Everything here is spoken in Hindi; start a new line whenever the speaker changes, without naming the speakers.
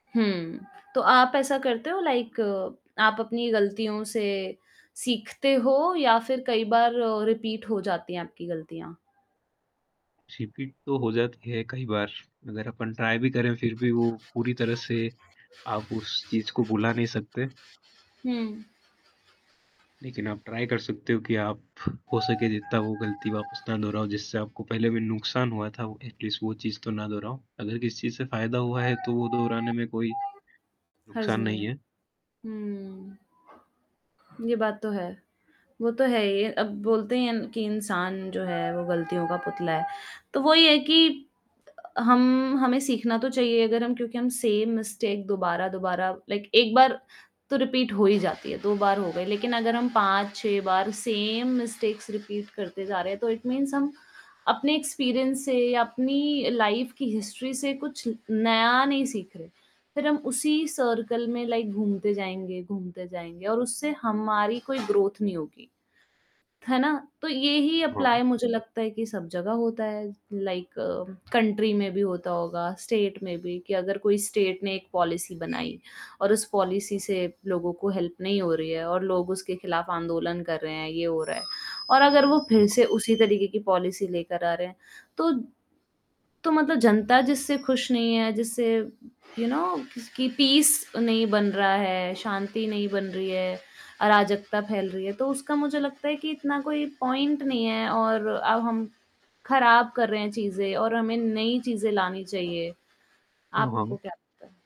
हुँ, तो आप ऐसा करते हो लाइक आप अपनी गलतियों से सीखते हो या फिर कई बार रिपीट हो जाती हैं, आपकी गलतियाँ?
रिपीट तो हो जाती है कई बार। अगर अपन ट्राई भी करे फिर भी वो पूरी तरह से आप उस चीज़ को भुला नहीं सकते।
हुँ।
लेकिन आप ट्राई कर सकते हो कि आप हो सके जितना वो गलती वापस ना दोहराओ, जिससे आपको पहले भी नुकसान हुआ था। एटलीस्ट वो चीज़ तो ना दोहराओ। अगर किसी चीज़ से फ़ायदा हुआ है, तो वो दोहराने में कोई
हर्ज
नुकसान
नहीं
नहीं
है।
है।
हुँ, ये बात तो है, वो तो है ही। अब बोलते हैं कि इंसान जो है, वो गलतियों का पुतला है। तो वही है कि हम हमें सीखना तो चाहिए अगर हम क्योंकि हम सेम मिस्टेक दोबारा-दोबारा लाइक 1 बार तो रिपीट हो ही जाती है। 2 बार हो गई लेकिन अगर हम 5 6 बार सेम मिस्टेक्स रिपीट करते जा रहे हैं, तो इट मीन्स हम। अपने एक्सपीरियंस से अपनी लाइफ़ की हिस्ट्री से कुछ नया नहीं सीख रहे। फिर हम उसी सर्किल में लाइक घूमते जाएँगे, घूमते जाएँगे और उससे हमारी कोई ग्रोथ नहीं होगी। है ना? तो यही
हाँ।
एप्लाई मुझे लगता है कि सब जगह होता है, लाइक कंट्री में भी होता होगा स्टेट में भी कि अगर कोई स्टेट ने एक पॉलिसी बनाई और उस पॉलिसी से लोगों को हेल्प नहीं हो रही है और लोग उसके खिलाफ आंदोलन कर रहे हैं, ये हो रहा है और अगर वो फिर
[unintelligible]
से उसी तरीके की पॉलिसी लेकर आ रहे हैं, तो तो मतलब जनता जिससे खुश नहीं है, जिससे यू नौ किस कि पीस नहीं बन रहा है, शांति नहीं बन रही है, अराजकता फैल रही है, तो उसका मुझे लगता है कि इतना कोई पॉइंट नहीं है और अब हम ख़राब कर रहे हैं, चीज़ें और हमें नई चीज़ें लानी चाहिए।
हाँ, हाँ।
आपको क्या लगता है?